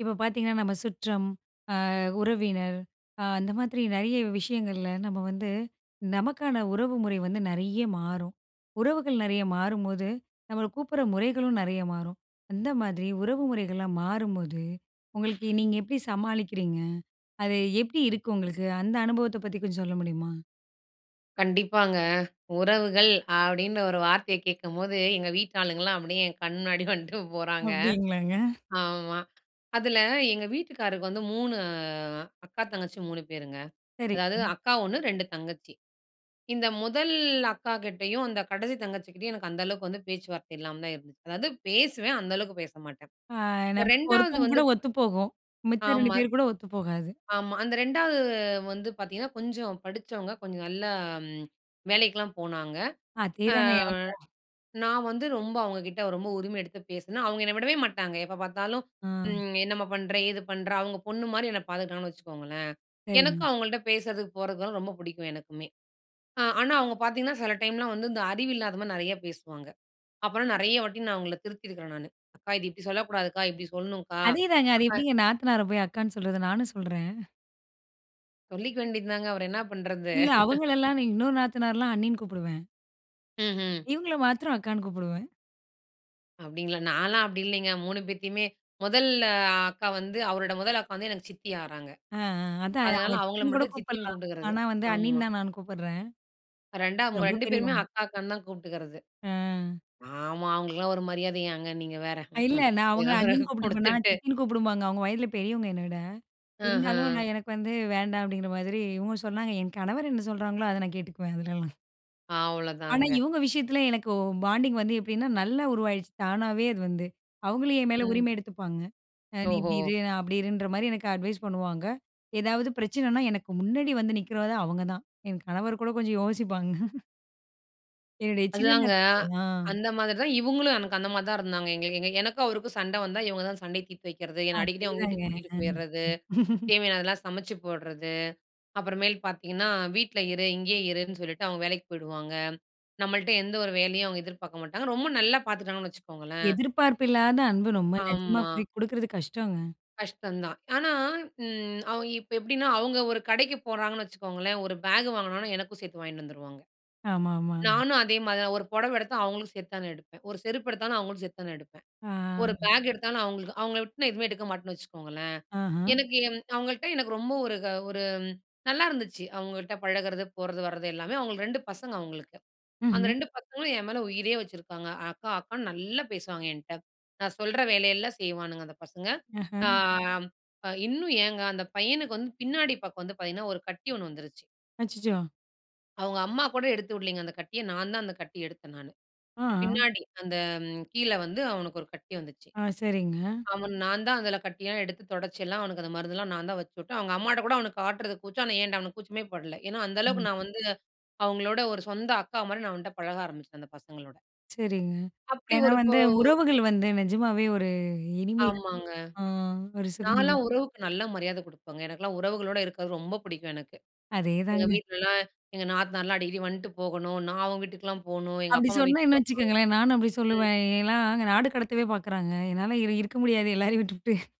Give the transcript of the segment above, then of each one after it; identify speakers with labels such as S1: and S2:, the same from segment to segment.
S1: இப்போ பார்த்தீங்கன்னா, நம்ம சுற்றம் அ உறவினர், அ அந்த மாதிரி நெறைய விஷயங்கள்ல நம்ம வந்து, நமக்கான உறவுமுறை வந்து நெறைய மாறும். உறவுகள் நெறைய மாறும்போது, நம்மள கூப்பிடுற முறைகளும் நெறைய மாறும். அந்த மாதிரி உறவு முறைகள்லாம் மாறும்போது உங்களுக்கு, நீங்க எப்படி சமாளிக்கிறீங்க? அது எப்படி இருக்கு உங்களுக்கு, அந்த அனுபவத்தைப் பற்றி கொஞ்சம் சொல்ல முடியுமா?
S2: கண்டிப்பாங்க, உறவுகள் அப்படின்னு ஒரு வார்த்தைய கேட்கும்போது, எங்க வீட்டாளுங்கலாம் அப்படியே என் கண் முன்னாடி வண்ட்டு போறாங்க.
S1: அப்படிங்களாங்க.
S2: ஆமா. அதுல எங்க வீட்டுக்காரருக்கு வந்து 3 அக்கா, தங்கச்சி 3 பேருங்க.
S1: சரி.
S2: அதாவது அக்கா 1. 2 தங்கச்சி. இந்த முதல் அக்காகிட்டயும், அந்த கடைசி தங்கச்சிகிட்டயும் எனக்கு அந்த அளவுக்கு வந்து பேச்சுவார்த்தை இல்லாம தான் இருந்துச்சு. அதாவது பேசுவேன், அந்த அளவுக்கு பேசமாட்டேன்.
S1: அ,
S2: இந்த
S1: நமக்கு
S2: 2
S1: ஒருத்தவங்க
S2: வந்து,
S1: கூட ஒத்துப்போகும். மித்த 2
S2: ஆமா.
S1: பேர் கூட ஒத்து போகாது.
S2: ஆமா அந்த 2 வந்து பார்த்தீங்கன்னா, கொஞ்சம் படிச்சவங்க. கொஞ்சம் நல்லா ம் வேலைக்கெல்லாம் போனாங்க. அ
S1: அதேதாங்க எனக்கும்!
S2: நான் வந்து ரொம்ப அவங்ககிட்ட ரொம்ப உரிமை எடுத்து பேசுனேன். அவங்க என்ன விடவே மாட்டாங்க. எப்போ பார்த்தாலும்
S1: ஆ.
S2: ம் என்னம்மா பண்ணுற, ஏது பண்ணுற? அவங்க பொண்ணு மாதிரி என்ன பார்த்துக்கிட்டாங்கன்னு வச்சுக்கோங்களேன். எனக்கும்
S1: சரி.
S2: அவங்கள்ட்ட பேசதுக்கு, போறதுக்குலாம் ரொம்ப பிடிக்கும் எனக்குமே. ஆனா, அவங்க பார்த்தீங்கன்னா, சில டைம்லாம் வந்து இந்த அறிவு இல்லாத மாதிரி நெறையா பேசுவாங்க. அப்புறம் நெறைய வாட்டி நான் அவங்கள திருத்தியிருக்கறேன் நானு. அக்கா இது இப்படி சொல்லக்கூடாதுக்கா, இப்படி சொல்லணுக்கா,
S1: அதேதாங்க! அது
S2: அக்கா.
S1: எப்படிங்க நாத்தனார போய் அக்கான்னு சொல்றது? நானும் சொல்றேன்.
S2: சொல்லிக்க வேண்டியது தாங்க. அவர என்ன பண்றது?
S1: இல்ல, அவங்களெல்லாம் நி இன்னொரு நாத்தனார்லாம் அண்ணின்னு கூப்பிடுவேன்.
S2: ம்ஹ்ம்.
S1: இவங்கள மாத்தரம் அக்கான்னு கூப்பிடுவேன்.
S2: அப்படிங்களா? நான்லாம் அப்படி இல்லிங்க. 3 பேத்தையுமே, முதல் அ அக்கா வந்து அவரோட முதல் அக்கா வந்து எனக்கு சித்தி ஆகறாங்க.
S1: ஆ, ஆ அதான்.
S2: அதுனால
S1: அவுங்கள
S2: அவங்கள
S1: சித்தின்னு கூட
S2: மட்டும் சித்தின்னு
S1: கூப்பிடலாம்.
S2: கூப்புட்டுகுறது.
S1: ஆனா, வந்து அண்ணின்னு
S2: ஆமா.
S1: தான் நான் கூப்புடுறேன்.
S2: 2டாம்
S1: [unintelligible] ரொம்ப
S2: 2 பேருமே
S1: பெரியவங்க.
S2: அக்கா அக்கான்னு தான் கூப்புட்டுகுறது.
S1: அ.
S2: ஆமா, அவங்களுக்கெல்லாம் ஒரு மரியாதையாங்க நீங்க வேற.
S1: இல்ல,
S2: ம்ஹ்ம்
S1: நான் அவங்கள அண்ணின்னு
S2: [unintelligible]
S1: கூப்பிட்ருப்பேனா,
S2: குடுத்துட்டு.
S1: சித்தின்னு கூப்புடும்பாங்க. அவங்க, வயதுல பெரியவங்க என்ன விட. இருந்தாலும்,
S2: ஆஹா.
S1: நான் எனக்கு வந்து வேண்டாம் அப்படிங்கிற மாதிரி, இவுங்க சொன்னாங்க. என் கணவர் என்ன சொல்லுறாங்களோ, அத நான் கேட்டுக்குவேன் அதுலல்லாம். ஆனா,
S2: அவ்ளோதாங்க.
S1: இவங்க விஷயத்துல எனக்கு பாண்டிங் வந்து, எப்படின்னா நல்லா உருவாகிடுச்சு. தானாவே அது வந்து. அவங்களும் என் மேல
S2: ம்.
S1: உரிமை எடுத்துப்பாங்க. நீ இப்படி
S2: ஓஹோ!
S1: இரு, நான் அப்படி இருன்ற மாரி எனக்கு அட்வைஸ் பண்ணுவாங்க. ஏதாவது பிரச்சனைன்னா எனக்கு முன்னாடி வந்து நிக்குறதே அவுங்க தான். என் கணவர் கூட கொஞ்சம் யோசிப்பாங்க. என்னுடைய சின்ன
S2: அதுதாங்க,
S1: நத் அ.
S2: அந்த மாதிரி தான் இவுங்களும் எனக்கு அந்த மாதிரி தான் இருந்தாங்க. எங்கள எங்கள எனக்கும் அவருக்கும் சண்ட வந்தா இவங்க தான் சண்டய தீர்த்து வைக்குறதே. என்னை அடிக்கடி அவுங்க
S1: அதேதாங்க.
S2: வீட்டுக்கு கூட்டிகிட்டு போயிறது.
S1: ம்.
S2: தேவையானதெல்லாம் சமைச்சு போடுறது. அப்புறமேல் பாத்தீங்கன்னா, வீட்ல இரு இங்கேயே இருன்னு சொல்லிட்டு அவங்க வேலைக்கு போயிடுவாங்க. நம்பள்ட்ட எந்த ஒரு வேலையும் அவுங்க எதிர்பார்க்க மாட்டாங்க, ரொம்ப நல்லா பாத்துட்டாங்கன்னு வச்சுக்கோங்களேன்.
S1: எதிர்பார்ப்பு இல்லாத அன்பு ரொம்ப நிஜமா
S2: ஆமா.
S1: குடி குடுக்குறது கஷ்டங்க.
S2: கஷ்டம் தான். ஆனா, ம் அவ் இப்போ எப்படின்னா அவங்க ஒரு கடைக்கு போறாங்கன்னு வச்சுக்கோங்களேன், ஒரு பேக் வாங்குனாங்கனா எனக்கும் சேர்த்து வாங்கின்னு வந்துருவாங்க.
S1: ஆமா, ஆமா.
S2: நானும் அதே மாரி தான், ஒரு புடவ எடுத்தா அவங்களுக்கும் சேர்த்து தான் எடுப்பேன். ஒரு செருப்பு எடுத்தாலும், அவங்களும் சேர்த்து தான் நான் எடுப்பேன்.
S1: ஆ.
S2: ஒரு பேக் எடுத்தாலும் அவங்களுக்கு. அவுங்கள விட்டு நான் எதுவுமே எடுக்க மாட்டேன்னு வச்சுக்கோங்களேன்.
S1: ஆஹம்.
S2: எனக்கு என் அவங்கள்ட்ட எனக்கு ரொம்ப ஒரு க ஒரு ம் நல்லாயிருந்துச்சு. அவங்கள்ட்ட பழகுறது போறது வரது எல்லாமே. அவங்களுக்கு 2 பசங்க அவங்களுக்கு. அந்த
S1: ம்ஹ்ம்
S2: ரெண்டு பசங்களும் என் மேல உயிரே வச்சுருக்காங்க. அக்கா, அக்கான்னு நல்லா பேசுவாங்க என்ட்ட. நான் சொல்கிற வேலையெல்லாம் செய்வானுங்க அந்த பசங்க.
S1: ஆஹ.
S2: அ ம் இன்னும் ஏங்க அந்த பையனுக்கு வந்து பின்னாடி பக்கம் வந்து பாத்தீங்கன்னா, ஒரு கட்டி ஒண்ணு வந்துருச்சு.
S1: அச்சச்சோ!
S2: அவங்க அம்மா கூட எடுத்துவுடலங்க, அந்த கட்டிய நான் தான் அந்த கட்டிய எடுத்தேன் நானு.
S1: ஆ.
S2: பின்னாடி அந்த கீழ வந்து அவனுக்கு ஒரு கட்டி வந்துச்சு.
S1: ஆ, சரிங்க.
S2: அவன் நான்தான் அதில கட்டியலாம் எடுத்து தொடச்சி எல்லாம் அவனுக்கு அந்த மருந்தெல்லாம் நான் தான் வச்சுவுட்டேன். அவங்க அம்மாகிட்ட கூட அவனுக்கு காட்டுறது கூச்சம். ஆனா ஏன்ட்ட அவனுக்கு கூச்சமே படல. ஏன்னா அந்த அளவுக்கு
S1: ம்.
S2: நான் வந்து அவங்களோட ஒரு சொந்த அக்கா மாரி நான் வந்து அவன்ட்ட பழக ஆரம்பிச்சேன். அந்த பசங்களோட.
S1: சரிங்க,
S2: அப்படி
S1: ஏன்னா
S2: ஒரு போ
S1: வந்து உறவுகள் வந்து நிஜமாவே ஒரு இனிமை [unintelligible]
S2: ஆமாங்க.
S1: ஆ ஒரு சுகம் தான்.
S2: நான்லாம் உறவுக்கு நல்ல மரியாதை குடுப்பேங்க எனக்கெல்லாம் உறவுகளோடு இருக்கறது ரொம்ப பிடிக்கும் எனக்கு. எங்க
S1: அதேதாங்க!
S2: வீட்லலாம் எங்க நாத்தனார்லாம் அடிக்கடி வந்துட்டு போகணும். நான் அவங்க வீட்டுக்குலாம் போணும். எங்க
S1: அப்படி
S2: அப்பா அம்மா
S1: சொன்னா,
S2: வீட்டுக்கு.
S1: என்ன வச்சுக்கோங்களேன். நானும் அப்படி
S2: [unintelligible] உம்.
S1: சொல்லுவேன் ஏன்னா அங்க நாடு கடத்தவே பார்க்குறாங்க என்னால இரு இருக்க முடியாது எல்லாரையும் விட்டுபுட்டு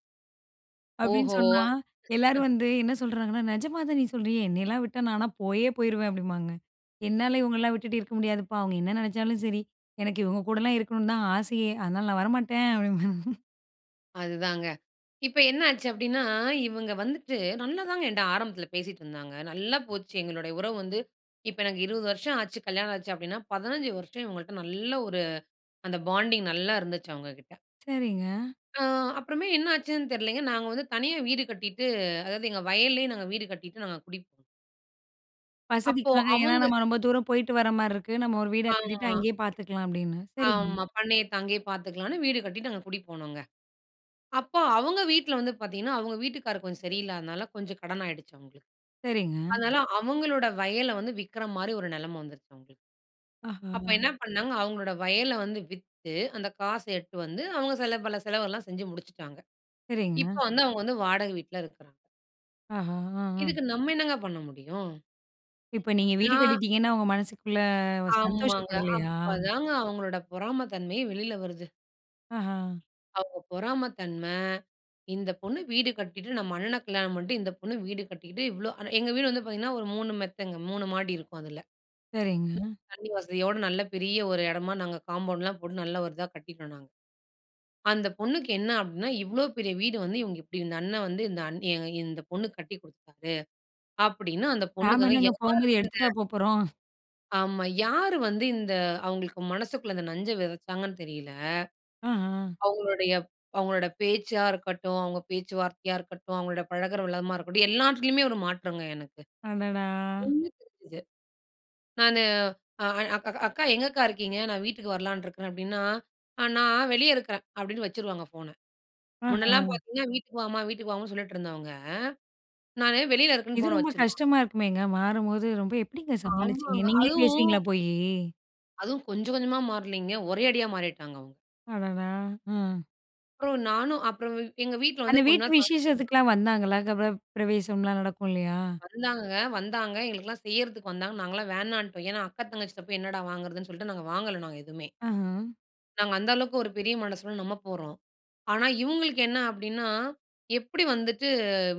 S1: அப்படின்னு
S2: ஓஹோ!
S1: சொன்னா. எல்லோரும் வந்து என்ன சொல்றாங்கன்னா, "நிஜமா தான் நீ சொல்றியா, என்னையெல்லாம் விட்டா நான்லாம் போயே போயிருவேன்." அப்படிம்பாங்க என்னால இவங்களலாம் விட்டுட்டு இருக்க முடியாதுப்பா அவங்க என்ன நினைச்சாலும் சரி, எனக்கு இவங்க கூடலாம் இருக்கணும்னு தான் ஆசையே! அதனால நான் வரமாட்டேன் அப்டிம்பேங்க.
S2: அதுதாங்க, இப்ப என்ன ஆச்சு அப்படின்னா இவங்க வந்துட்டு நல்லா தாங்க என்ட்ட ஆரம்பத்துல பேசிட்டு இருந்தாங்க. நல்லா போச்சு எங்களுடைய உறவு வந்து இப்போ எனக்கு 20 வருஷம் ஆச்சு கல்யாணம் ஆச்சு அப்படின்னா, 15 வருஷம் இவங்கள்ட்ட நல்ல ஒரு அந்த பாண்டிங் நல்லா இருந்துச்சு அவங்க கிட்ட.
S1: சரிங்க.
S2: அ அப்புறமே என்னாச்சுன்னு தெரியலங்க, நாங்க வந்து தனியா வீடு கட்டிட்டு அதாவது எங்க வயல்லயே நாங்க வீடு கட்டிட்டு நாங்க குடிப் அப்போ,
S1: வசதிக்காக. ஏன்னா
S2: அவுங்க.
S1: நம்ம ரொம்ப தூரம் போய்ட்டுவர மாரி இருக்கு. நம்ம ஒரு வீட கட்டிட்டு
S2: ஆமா.
S1: அங்கயே பார்த்துக்கலாம், அப்படீன்னு. சரிங்க.
S2: ஆமா. பண்ணைய தங்கி பார்த்துக்கலாம்னு, வீடு கட்டிட்டு அங்க குடி போனோங்க. அப்போ அவுங்க வீட்ல வந்து பார்த்தீங்கன்னா, அவுங்க வீட்டுக்காரரு கொஞ்சம் சரியில்லாதனால கொஞ்சம் கடன் ஆயிடுச்சு அவுங்களுக்கு.
S1: சரிங்க.
S2: அதனால அவுங்களோட வயல வந்து விக்குற மாதிரி ஒரு நிலமை வந்துருச்சு அவுங்களுக். அப்போ
S1: ஓஹோ!
S2: என்ன பண்ணாங்க, அவுங்களோட வயல வந்து வித்து, அந்த காச எடுத்துட்டு வந்து, அவுங்க சில பல செலவெல்லாம் செஞ்சு முடிச்சுட்டாங்க. இப்ப
S1: சரிங்க.
S2: வந்து அவுங்க வந்து வாடகை வீட்ல இருக்குறாங்க.
S1: ஆஹா! அ அஹ்ம்.
S2: இதுக்கு, நம்ம என்னங்க பண்ண முடியும்?
S1: இப்ப நீங்க வீடு
S2: நான்,
S1: கட்டிட்டீங்கன்னா, அவுங்க மனசுக்குள்ள ஒரு
S2: ஆமாங்க.
S1: சந்தோஷப்படலையா?
S2: அப்பதாங்க அவுங்களோட பொறாமை தன்மையே வெளில வருது.
S1: ஆஹ்ம்.
S2: அவங்க பொறாமை தன்ம, இந்த பொண்ணு வீடு கட்டிட்டு, நம்ம அண்ணன கல்யாணம் பண்ணிட்டு, இந்த பொண்ணு வீடு கட்டிட்டு இவ்ளோ எங்க வீடு வந்து பார்த்தீங்கன்னா ஒரு 3 மெத்தங்க, 3 மாடி இருக்கும் அதுல.
S1: சரிங்க.
S2: தண்ணி வசதியோட, நல்ல பெரிய ஒரு இடமா நாங்க காம்பவுண்ட்லாம் போட்டு, நல்ல ஒரு இதாக கட்டிட்டோம் நாங்க. அந்த பொண்ணுக்கு என்ன அப்படீன்னா? இவ்ளோ பெரிய வீடு வந்து இவுங்க இப்டி இந்த அண்ணன் வந்து, இந்த அண்ணி இ இந்த பொண்ணுக்கு கட்டி குடுத்துடாரு. அப்படீன்னு அந்த பொண்ணுக்கு
S1: நாம
S2: அத
S1: என்னங்க,
S2: ஏத்துக்கவே
S1: போகும் போது எடுத்துட்டா
S2: முடியலங்க.
S1: போப்போறோம்?
S2: ஆமா. யாரு வந்து இந்த அவங்களுக்கு மனசுக்குள்ள இந்த நஞ்ச வெதச்சாங்கன்னு தெரியல.
S1: ஆஹ.
S2: அவங்களுடைய அவங்களோட பேச்சா இருக்கட்டும், அவங்க பேச்சுவார்த்தையா இருக்கட்டும், அவங்களோட பழகுற விதமா இருக்கட்டும், எல்லாத்திலயுமே ஒரு மாற்றங்க எனக்கு.
S1: அடடா!
S2: [unintelligible] தெரிஞ்சது. நானு அ அக்கா அக்கா எங்க அக்கா இருக்கீங்க? நான் வீட்டுக்கு வரலான்னு இருக்கறேன் அப்படின்னா, "நான் வெளியே இருக்கறேன்" அப்படின்னு வச்சுருவாங்க ஃபோனை. முன்னலாம்
S1: ஆஹ.
S2: பார்த்தீங்கன்னா வீட்டுக்கு வாம்மா, வீட்டுக்கு வாமான்னு சொல்லிட்டு இருந்தவங்க, நானு வெளியில இருக்கேன்னு
S1: இது
S2: ஃபோனை
S1: ரொம்ப
S2: வச்சுரும்.
S1: கஷ்டமா இருக்குமேங்க, மாறும்போது ரொம்ப எப்படிங்க சமாளிச்சிங்க,
S2: ஆமாங்க.
S1: நீங்களே
S2: அதுவும்
S1: பேசுவீங்களா போயி.
S2: அதுவும் கொஞ்ச கொஞ்சமா மாறலைங்க. ஒரே அடியா மாறிட்டாங்க அவங்க.
S1: அடடா, ம்.
S2: அப்புறம் நானும் அப்புறம் வ் எங்க வீட்ல வந்து
S1: அந்த
S2: கொஞ்ச
S1: வீட்டு
S2: நாள் தங்கியிருந்தாங்க.
S1: விசேஷத்துக்கலாம் வந்தாங்களா? கிரகப் பிரவேசம்லா நடக்கும் இல்லயா.
S2: வந்தாங்க, வந்தாங்க எங்களுக்கெல்லாம் செய்யறதுக்கு வந்தாங்க, நாங்கலாம் வேணான்ட்டோம். ஏன்னா அக்கா தங்கச்சிட்ட போய் என்னடா வாங்குறதுன்னு சொல்லிட்டு நாங்க வாங்கலை. நாங்க எதுமே.
S1: ஆஹ.
S2: நாங்க அந்த அளவுக்கு ஒரு பெரிய மனசுல நம்ம போறோம். ஆனா இவுங்களுக்கு என்ன அப்படின்னா எப்படி வந்துட்டு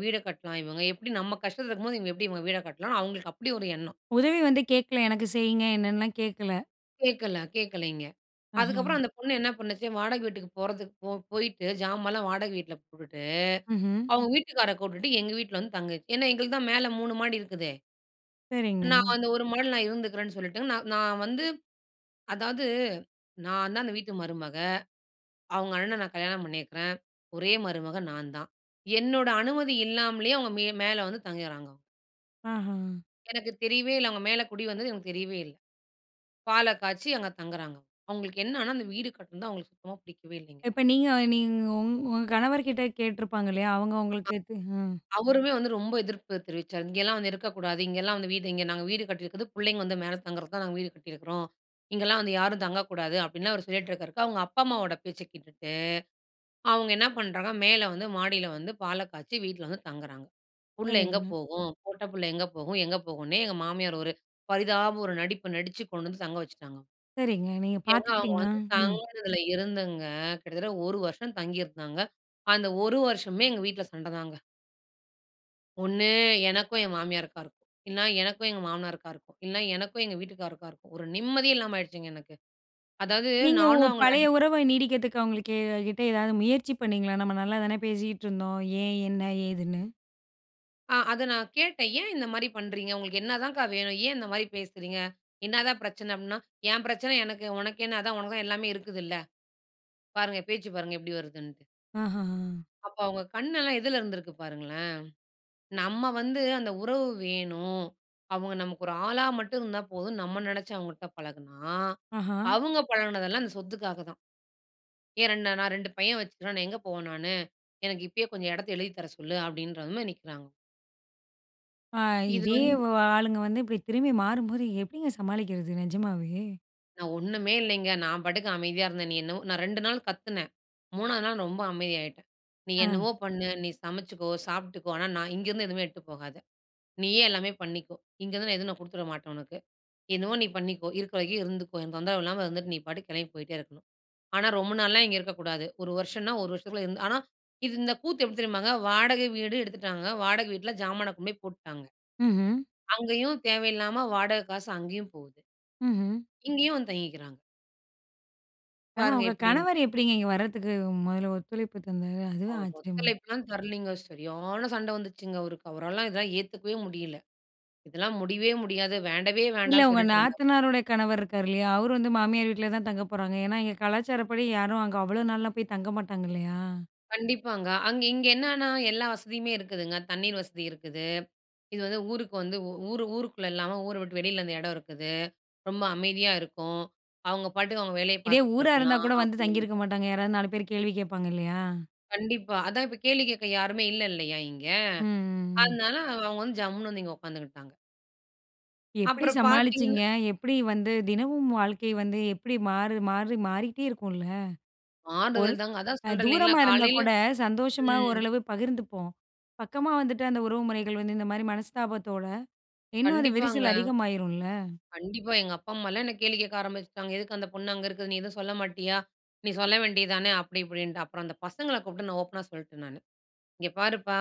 S2: வீட கட்டலாம்? இவங்க எப்படி நம்ம கஷ்டத்துல இருக்கும்போது இவங்க எப்படி இவங்க வீட கட்டலாம்ன்னு? அவங்களுக்கு அப்படி ஒரு எண்ணம்.
S1: உதவி வந்து கேக்கல, எனக்கு செய்யுங்க என்னன்னுலாம் கேக்கல.
S2: கேட்கல, கேட்கலைங்க. அதுக்கப்பறம்
S1: அஹ.
S2: அந்த பொண்ணு என்ன பண்ணுச்சு, வாடகை வீட்டுக்கு போறதுக்கு போ போய்ட்டு ஜாமான்லாம் வாடகை வீட்ல போட்டுட்டு,
S1: ம்ஹ்ம்.
S2: அவங்க வீட்டுக்காரர கூப்பிட்டுட்டு எங்க வீட்ல வந்து தங்கிச்சு. ஏன்னா எங்களுக்கு தான் மேல 3 மாடி இருக்குதே!
S1: சரிங்க.
S2: நான் அந்த ஒரு மாடில நான் இருந்துக்கிறேன்னு சொல்லிட்டு, நான் நான் வந்து அதாவது நான் தான் அந்த வீட்டு மருமக. அவங்க அண்ணன நான் கல்யாணம் பண்ணியிருக்கிறேன். ஒரே மருமக நான் தான். என்னோட அனுமதி இல்லாமலே அவங்க மே மேல வந்து தங்கிறாங்க, அவுங்க.
S1: அஹ.
S2: எனக்கு தெரியவே இல்ல. அவங்க மேல குடி வந்தது எனக்கு தெரியவே இல்ல. பாலை காய்ச்சி அங்க தங்குறாங்க. அவங்களுக்கு என்னன்னா, அந்த வீடு கட்டுனது அவங்களுக்கு சுத்தமா புடிக்கவே இல்லைங்க.
S1: இப்ப நீங்க நீங் உங் உங்க கணவர்கிட்ட கேட்டிருப்பாங்க இல்லையா? அவங்க
S2: அ.
S1: உங்களுக்கு. அ.
S2: அவருமே வந்து ரொம்ப எதிர்ப்பு தெரிவிச்சார். "இங்கேலாம் வந்து இருக்கக்கூடாது, இங்கேலாம் வந்து வீடு இங்க நாங்க வீடு கட்டியிருக்கது புள்ளைங்க வந்து மேல தங்குறது தான் நாங்க வீடு கட்டியிருக்கிறோம். இங்கலாம் வந்து யாரும் தங்கக்கூடாது" அப்படின்னு அவர் சொல்லிட்டுருக்கிருக்க. அவங்க அப்பா, அம்மாவோட பேச்சை கேட்டுட்டு, அவங்க என்ன பண்ணுறாங்க மேல வந்து மாடியில வந்து பாலை காய்ச்சி வீட்ல வந்து தங்குறாங்க. புள்ளை எங்க
S1: சரிங்க.
S2: போகும்? பொட்ட புள்ள எங்க போகும்? எங்க போகும்னே எங்க மாமியார் ஒரு பரிதாப ஒரு நடிப்பு நடிச்சு, கொண்டு வந்து தங்க வச்சுட்டாங்க.
S1: சரிங்க. நீங்க
S2: ஏங்க அவங்க
S1: பார்த்துக்கிட்டீங்களா?
S2: வந்து
S1: ம்.
S2: தங்கினதில இருந்துங்க கிட்டத்தட்ட ஒரு வருஷம் தங்கியிருந்தாங்க. அந்த ஒரு வருஷமுமே எங்க வீட்ல சண்டைதாங்க. ஒண்ணு எனக்கும் என் மாமியாருக்கா இருக்கும். இல்ல, எனக்கும் எங்க மாமனாருக்கா இருக்கும். இல்ல, எனக்கும் எங்க வீட்டுக்காரருக்கா இருக்கும். ஒரு நிம்மதியே இல்லாம ஆயிடுச்சுங்க எனக்கு. அதாவது
S1: நீங்க உங்க
S2: நானும் அவங்கள
S1: பழைய
S2: அடிக்கடி
S1: உறவ நீடிக்கறதுக்கு அவங்களுக்கு எ கிட்ட ஏதாவது முயற்சி பண்ணீங்களா? நம்ப நல்லா தானே பேசிக்கிட்டு இருந்தோம். ஏன்? என்ன? ஏதுன்னு?
S2: ஆ அத நான் கேட்டேன். ஏன் இந்த மாரி பண்றீங்க? உங்களுக்கு என்ன தான்கா வேணும்? ஏன் இந்த மாதிரி பேசுறீங்க? என்னதான் பிரச்சன? அப்டீன்னா, ஏன் பிரச்சன எனக்கு, உனக்கு என்ன? அதான் உனக்கு தான் எல்லாமே இருக்குதுல்ல! பாருங்க, பேச்சு பாருங்க எப்டி வருதுன்ட்டு?
S1: ஆஹஹ.
S2: அப்ப அவங்க கண்ணெல்லாம் எதுல இருந்திருக்கு பாருங்களேன்! நம்ப வந்து அந்த உறவு வேணும். அவங்க நமக்கு ஒரு ஆளா மட்டும் இருந்தா போதும், நம்ப நினைச்சு அவங்கள்ட்ட பழகுனா,
S1: ஆஹா.
S2: அவுங்க பழகுனதெல்லாம் அந்த சொத்துக்காக தான். "ஏன் 2 நான் 2 பையன் வச்சு இருக்கேன் நான், எங்கே போவேன் நானு? எனக்கு இப்பயே கொஞ்சம் எடத்த எழுதித் தர சொல்லு" அப்டின்றது மாரி நிக்கிறாங்க.
S1: அ
S2: இது
S1: இதே,
S2: வந்து
S1: வ ஆளுங்க வந்து இப்டி திரும்பி மாறும்போது எப்டிங்க சமாளிக்குறது? நிஜமாவே!
S2: நான் ஒண்ணுமே இல்லங்க, நான் பாட்டுக்கு அமைதியா இருந்தேன். நீ என்னவோ நான் 2 நாள் கத்துனேன், 3ஆவது நாள் ரொம்ப அமைதியாய்ட்டேன். நீ
S1: அ.
S2: என்னவோ பண்ணு, நீ சமைச்சுக்கோ, சாப்புட்டுக்கோ. ஆனா, நான் இங்கருந்து எதுவுமே எடுத்துட்டு போகாத. நீயே எல்லாமே பண்ணிக்கோ. இங்கருந்து நான் எதுவும் நான் குடுத்துடவிடமாட்டேன் உனக்கு. என்னமோ நீ பண்ணிக்கோ, இருக்கிற வரைக்கும் இருந்துக்கோ. எனக்கு தொந்தரவு இல்லாம இருந்துட்டு, நீ பாட்டுக்கு கிளம்பி போயிட்டே இருக்கணும். ஆனா, ரொம்ப நாள்லாம் இங்க இருக்கக்கூடாது. 1 வருஷம்னா, 1 வருஷத்துக்குள்ளே இருந்து ஆனா இது இந்த கூத்து எப்டி தெரியுமாங்க? வாடக வீடு எடுத்துட்டாங்க. வாடக வீட்ல ஜாமான கொண்டு போய் போட்டுட்டாங்க.
S1: ம்ஹ்ம்.
S2: அங்கயும் தேவயில்லாம வாடக காசு அங்கயும் போகுது.
S1: ம்ஹ்ம்.
S2: இங்கயும் வந்து தங்கிக்குறாங்க.
S1: ஆனா,
S2: பாருங்க
S1: உங்க கணவர்
S2: எப்படின்ட்டு!
S1: எப்படிங்க இங்க வரத்துக்கு முதல்ல ஒத்துழைப்பு தந்தாரு? அதுவே
S2: அவர்
S1: ஆச்சரியமா இருக்கு.
S2: ஒத்தழைப்புலா தரலங்க. சரியான சண்ட வந்துச்சுங்க. அவருக்கு அவரால இதெல்லா ஏத்துக்கவே முடியல, இதெல்லா முடியவே முடியாது, வேண்டவே
S1: இல்ல,
S2: வேண்டான்னு
S1: உங்க
S2: சொல்லிட்ருந்தார்.
S1: நாத்தனாருடைய கணவர் இருக்கார் இல்லையா, அவரு வந்து மாமியார் வீட்டில தான் தங்க போறாங்க, ஏன்னா இங்க கலாச்சாரப்படி யாரும் அங்க அவ்வளோ நாள்லாம் போய் தங்க மாட்டாங்க இல்லையா?
S2: கண்டிப்பாங்க. அங் இங்க என்னன்னா எல்லா வசதியுமே இருக்குதுங்க, தண்ணீர் வசதி இருக்குது. இது வந்து ஊருக்கு வந்து உ ஊர் ஊருக்குள்ள இல்லாம ஊர விட்டு வெளியில அந்த இடம் இருக்குது, ரொம்ப அமைதியா இருக்கும். அவங்க பாட்டுக்கு அவங்க வேலைய
S1: இதே
S2: பார்த்துட்டு
S1: ஊரா இருந்தா
S2: இருக்கலாம்
S1: கூட வந்து தங்கியிருக்க
S2: அப்படின்ட்டு.
S1: மாட்டாங்க. யாராவது 4 பேர் கேள்வி கேட்பாங்க இல்லையா?
S2: கண்டிப்பா அதா இப்ப கேள்வி கேட்க யாருமே இல்ல இல்லையா இங்க.
S1: ம், ம், ம்.
S2: அதனால அவுங்க வந்து ஜம்முனு வந்து இங்க உட்காந்துகிட்டாங்க.
S1: எப்படி
S2: அப்புறம்
S1: சமாளிச்சீங்க?
S2: பார்த்தீங்கன்னா.
S1: எப்படி வந்து தினமும் வாழ்க்கை வந்து எப்படி மாறு மாறி மாறிகிட்டே இருக்குல்ல. ஒரு
S2: ஆறுதல் தாங்க. அதா
S1: அ
S2: சொல்றேன் இல்லைங்களா,
S1: தூரமா இருந்தா
S2: காலையில
S1: கூட சந்தோஷமா
S2: ம்.
S1: ஓரளவு பகிர்ந்துப்போம். பக்கமா வந்துட்டு அந்த உறவுமுறைகள் வந்து இந்த மாதிரி மனஸ்தாபத்தோட இன்னு அந்த
S2: கண்டிப்பாங்க.
S1: விரிசல் அதிகமாகிறும்ல.
S2: கண்டிப்பா. எங்க அப்பா, அம்மாலா என்ன கேள்வி கேட்க ஆரம்பிச்சுட்டாங்க. எதுக்கு அந்த பொண்ணு அங்க இருக்குது. நீ எதுவும் சொல்ல மாட்டியா? நீ சொல்ல வேண்டியது தானே, அப்படி இப்படின்ட்டு. அப்புறம் அந்த பசங்கள கூப்பிட்டு நான் ஓப்பனா சொல்லிட்டேன் நானு "இங்க பாருப்பா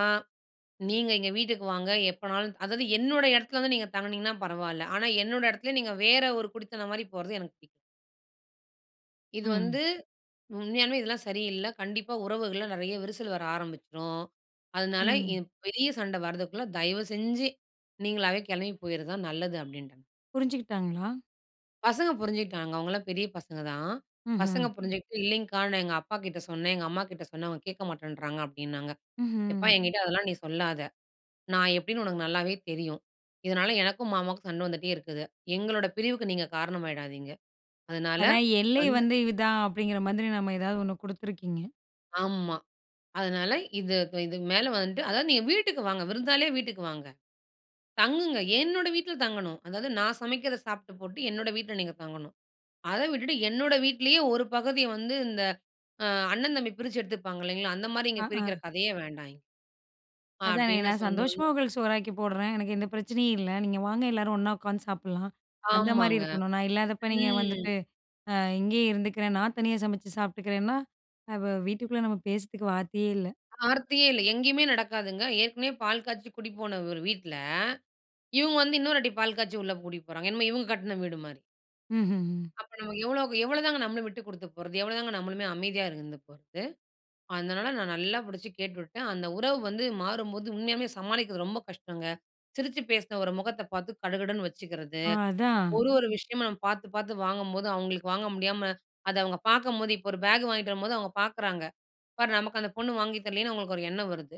S2: நீங்க எங்க வீட்டுக்கு வாங்க, எப்போனாலு அதாவது என்னோட இடத்துல வந்து நீங்க தங்கனிங்கனா பரவாயில்ல, ஆனா என்னோட இடத்துல, நீங்க வேறு ஒரு குடித்தனம் மாதிரி போறது எனக்கு புடிக்" "இது
S1: ம்.
S2: வந்து, உண்மையானமே இதெல்லாம் சரி இல்ல. கண்டிப்பா உறவுகள்ல நிறைய விரிசல் வர ஆரம்பிச்சுரும். அதனால
S1: ம்.
S2: இது பெரிய சண்ட வரதுக்குள்ள தயவுசெஞ்சு நீங்களாவே கிளம்பி போயிடுறது தான் நல்லது" அப்டின்ட்டேன்.
S1: புரிஞ்சுகிட்டாங்களா?
S2: பசங்க புரிஞ்சுகிட்டாங்க. அவங்கலாம் பெரிய பசங்க தான். பசங்க
S1: ம்ஹ்ம்.
S2: புரிஞ்சுகிட்டு இல்லிங்க்கா. "நான் எங்க அப்பா கிட்ட சொன்னன், எங்க அம்மாகிட்ட சொன்னன். அவங்க கேட்க மாட்டன்றாங்க" அப்டின்னாங்க. எப்பா
S1: ம்ஹ்ம்.
S2: எங்கிட்ட அதெல்லாம் நீ சொல்லாத. நான் எப்படின்னு உனக்கு நல்லாவே தெரியும். இதனால எனக்கும், மாமாவுக்கும் சண்ட வந்துட்டே இருக்குது. எங்களோட பிரிவுக்கு நீங்க காரணமாய்டாதீங்க. அதனால
S1: அதான், எல்லை
S2: வந்து
S1: வந்து இதான் அப்டிங்கிற மாதிரி நம்ம ஏதாவது ஒண்ணு குடுத்துருக்கீங்க.
S2: ஆமா. அதனால, இதுக் இதுக்கு மேல வந்துட்டு அதாவது நீங்க வீட்டுக்கு வாங்க. விருந்தாளியா வீட்டுக்கு வாங்க. தங்குங்க. என்னோட வீட்ல தங்கணும். அதாவது நான் சமைக்கறத சாப்ட்டு போட்டு என்னுடைய வீட்ல நீங்க தங்கணும். அத விட்டுட்டு என்னுடைய வீட்லேயே ஒரு பகுதிய வந்து இந்த அ அண்ணன், தம்பி பிரிச்சு எடுத்துப்பாங்க இல்லைங்களா, அந்த மாரி இங்க
S1: ஆ, ஆ.
S2: பிரிக்கிற கதையே வேண்டாம். ஆ
S1: அதானே.
S2: அப்டின்னு
S1: நான் சந்தோஷமா
S2: சொன்னோடனே,
S1: உங்களுக்கு சோறாக்கி போட்றன். எனக்கு எந்த பிரச்சனையும் இல்ல. நீங்க வாங்க எல்லாரும் ஒண்ணா உட்காந்து சாப்பட்லாம் அந்த மாரி
S2: ஆமாங்க.
S1: இருக்கணும். நான் இல்லாதப்ப நீங்க
S2: ம்.
S1: வந்துட்டு, அ இங்கேயே இருந்துக்கிறன். நான் தனியா சமைச்சு சாப்ட்டுக்கிறேன்னா, அ வ வீட்டுக்குள்ள நம்ம பேசறதுக்கு வார்த்தையே இல்ல.
S2: ஆர்த்தியே இல்ல. எங்கேயுமே நடக்காதுங்க. ஏற்கனவே பால் காய்ச்சு கூட்டி போன ஒரு வீட்ல. இவங்க வந்து இன்னொரு வாட்டி பால் காய்ச்சி உள்ள கூட்டிட்டு போறாங்க. என்னமோ இவங்க கட்ன வீடு மாரி.
S1: ம்ஹ்ஹ்ம்.
S2: அப்ப நமக்கு எவ்வளோக்கு எவ்வளோ தாங்க நம்மளும் விட்டுக் குடுத்து போறது? எவ்வளோ தாங்க நம்மளுமே அமைதியா இருந்து போறது? அதனால நான் நல்லா புடிச்சு கேட்டுவிட்டேன். அந்த உறவு வந்து மாறும்போது, உண்மையாவே சமாளிக்கிறது ரொம்ப கஷ்டங்க. சிரிச்சு பேசுன ஒரு முகத்த பார்த்து, கடுகடுன்னு வச்சுக்கிறது.
S1: ஆ! அதான்.
S2: ஒரு ஒரு விஷயமா நம்ம பார்த்துப் பார்த்து வாங்கும்போது, அவங்களுக்கு வாங்க முடியாம அத அவங்க பார்க்கும்போது இப்ப ஒரு பேக் வாங்கிட்டு வரும்போது அவங்க பார்க்குறாங்க. பாரு நமக்கு அந்தப் பொண்ணு வாங்கி தரலையேன்னு அவங்களுக்கு ஒரு எண்ணம் வருது.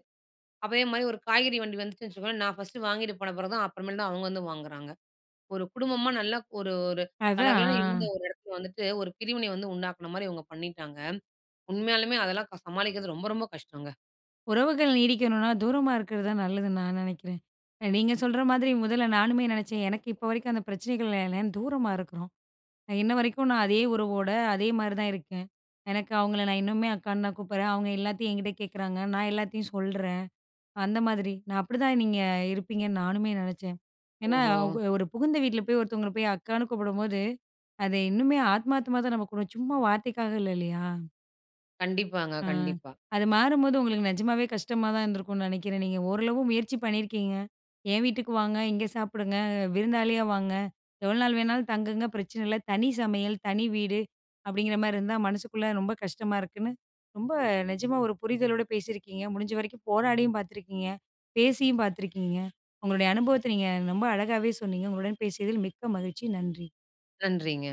S2: அதே மாரி ஒரு காய்கறி வண்டி வந்துச்சுன்னு வச்சுக்கோங்களேன், நா ஃபர்ஸ்ட் வாங்கிட்டு போனப்பறம்தான், அப்பறமேல்தான் அவங்க வந்து வாங்குறாங்க. ஒரு குடும்பமா நல்லா ஒரு ஒரு கலகலன்னு
S1: அதான்.
S2: இருந்த
S1: அ.
S2: ஒரு இடத்துல வந்துட்டு, ஒரு பிரிவினை வந்து உண்டாக்குன மாரி இவங்க பண்ணீட்டாங்க. உண்மையாலுமே அதெல்லாம் க சமாளிக்கிறது ரொம்ப ரொம்ப கஷ்டங்க.
S1: உறவுகள் நீடிக்கணும்னா, தூரமா இருக்கறது தான் நல்லதுன்னு நான் நெனைக்கிறேன். அ நீங்க சொல்ற மாதிரி, முதல்ல நானுமே நெனைச்சேன். எனக்கு இப்ப வரைக்கும் அந்தப் பிரச்சனைகள் [unintelligible] தூரமா இருக்குறோம். அ இன்ன வரைக்கும் நான் அதே உறவோட, அதே மாரிதான் இருக்கேன். எனக்கு அவங்கள நான் இன்னமுமே அக்கான்னு தான் கூப்பிடுறேன். அவங்க எல்லாத்தையும் என்கிட்ட கேட்குறாங்க. நான் எல்லாத்தையும் சொல்றேன். அந்த மாதிரி. நான் அப்படித்தான் நீங்க இருப்பீங்கன்னு நானுமே நெனச்சேன். ஏன்னா
S2: ஓஹோ!
S1: அவுங்க ஒரு புகுந்த வீட்ல போய் ஒருத்தவங்கள போய் அக்கான்னு கூப்பிடும்போது, அது இன்னுமே ஆத்மார்த்தமா தான நம்ம கூப்புடுவோம், சும்மா வார்த்தைக்காக இல்ல, இல்லையா?
S2: கண்டிப்பாங்க,
S1: ஆ.
S2: கண்டிப்பா.
S1: அது மாறும்போது உங்களுக்கு நெஜமாவே கஷ்டமாதான் இருந்திருக்கும்ன்னு நெனைக்கிறேன். நீங்க ஓரளவு முயற்சி பண்ணியிருக்கீங்க. என் வீட்டுக்கு வாங்க, இங்க சாப்பிடுங்க, விருந்தாளியா வாங்க, எவ்வளவு நாள் வேணாலும் தங்குங்க பிரச்சனையில்ல, "தனி சமையல், தனி வீடு" அப்படீங்கற மாரி இருந்தா, மனசுக்குள்ள ரொம்ப கஷ்டமா இருக்குன்னு, ரொம்ப நெஜமா ஒரு புரிதலோட பேசியிருக்கீங்க. முடிஞ்ச வரைக்கும் போராடியும் பார்த்திருக்கீங்க, பேசியும் பார்த்திருக்கீங்க. உங்களுடைய அனுபவத்த நீங்க ரொம்ப அழகாவே சொன்னீங்க. உங்களுடன் பேசியதில் மிக்க மகிழ்ச்சி, நன்றி!
S2: நன்றிங்க.